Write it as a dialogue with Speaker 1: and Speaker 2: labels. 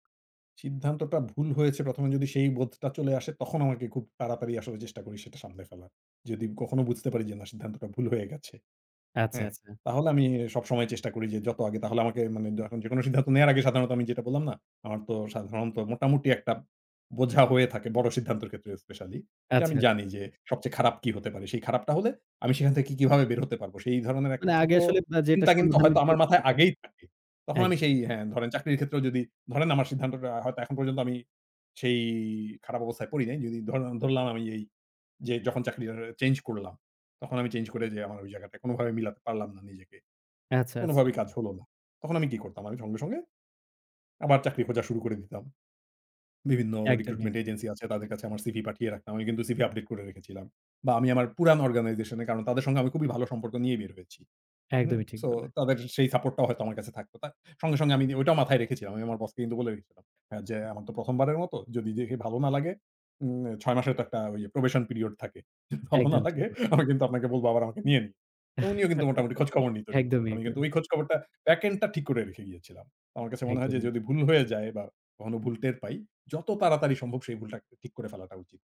Speaker 1: সিদ্ধান্তটা ভুল হয়েছে ১ম এ যদি সেই বোধটা চলে আসে তখন আমাকে খুব তাড়াতাড়ি আসলে চেষ্টা করি সেটা সামলে ফেলার। যদি কখনো বুঝতে পারি যে, না সিদ্ধান্তটা ভুল হয়ে গেছে।
Speaker 2: আচ্ছা,
Speaker 1: হ্যাঁ,
Speaker 2: আচ্ছা।
Speaker 1: তাহলে আমি সবসময় চেষ্টা করি যে, যত আগে তাহলে আমাকে মানে দ যেকোন সিদ্ধান্ত নেওয়ার আগে সাধারণত আমি যেটা বললাম না আমার তো সাধারণত মোটামুটি একটা বোঝা হয়ে থাকে বড় সিদ্ধান্তের ক্ষেত্রে স্পেশালী।
Speaker 2: আচ্ছা,
Speaker 1: যে, আমি
Speaker 2: আচ্ছা।
Speaker 1: জানি যে, সবচেয়ে খারাপ কি হতে পারে। সেই খারাপটা হলে আমি সেখান থেকে কি কিভাবে বের হতে পারব। সেই ধরনের একটা
Speaker 2: মানে
Speaker 1: ছোট
Speaker 2: আগে আসলে আ যেটা
Speaker 1: চিন্তা কিন্তু
Speaker 2: সমাধানের
Speaker 1: হয়তো
Speaker 2: যে,
Speaker 1: আমার মাথায়
Speaker 2: ব্যাপার টা।
Speaker 1: আগেই থাকে। তখন আমি সেই
Speaker 2: একদমই।
Speaker 1: হ্যাঁ, ধরেন চাকরির ক্ষেত্রেও যদি ধরেন আমার সিদ্ধান্তটা হয়তো এখন পর্যন্ত আমি সেই খারাপ অবস্থায় পড়ি নাই। যদি ধর ধরলাম আমি এই যে, যখন চাকরি টা চেঞ্জ করলাম, তখন আমি চেঞ্জ করে যে, আমার ওই জায়গাটায় কোনোভাবে মিলাতে পারলাম না নিজেকে।
Speaker 2: আচ্ছা,
Speaker 1: কোনো
Speaker 2: আচ্ছা।
Speaker 1: ভাবেই কাজ হল না। তখন আমি কি করতাম আমি সঙ্গে, সঙ্গে, আবার চাকরি খোঁজা শুরু করে দিতাম। বিভিন্ন
Speaker 2: একদমই।
Speaker 1: রিক্রুটমেন্ট এজেন্সি আছে তাদের কাছে আমার সিভি পাঠিয়ে রাখলাম। আমি কিন্তু সিভি আপডেট করে রেখেছিলাম। বা আমি আমার পুরান অর্গানাইজেশন এ কারণ তাদের সাথে আমি খুবই ভালো সম্পর্ক নিয়ে বের হয়েছি। হুম,
Speaker 2: একদমই ঠিক
Speaker 1: সো
Speaker 2: বললেন।
Speaker 1: তাদের সেই সাপোর্ট টাও হয়তো আমার কাছে থাকতো। তা সঙ্গে, সঙ্গে, আমি ঐটাও মাথায় রেখেছিলাম। আমি আমার বসকে বলে রেখেছিলাম। হ্যাঁ, যে, আমার তো ১ম বারের মতো যদি দেখে ভালো না লাগে, উম ৬ মাসের তো একটা probation period থাকে। যদি ভালো না
Speaker 2: একদমই ঠিক।
Speaker 1: লাগে আমি কিন্তু আপনাকে বলব আবার আমাকে নিয়েন তো উনিও কিন্তু মোটামুটি খোঁজখবর নিত রেগুলার।
Speaker 2: একদমই,
Speaker 1: আমি কিন্তু
Speaker 2: একদমই।
Speaker 1: ওই খোঁজ খবরটা প্যাকেলটা টা ঠিক করে রেখে গিয়েছিলাম। আমার কাছে মনে হয় যে,
Speaker 2: একদমই।
Speaker 1: যদি ভুল হয়ে যায় বা কখনো ভুল টের পাই, যত তাড়াতাড়ি সম্ভব সেই ভুলটা ঠিক করে ফেলাটা উচিত।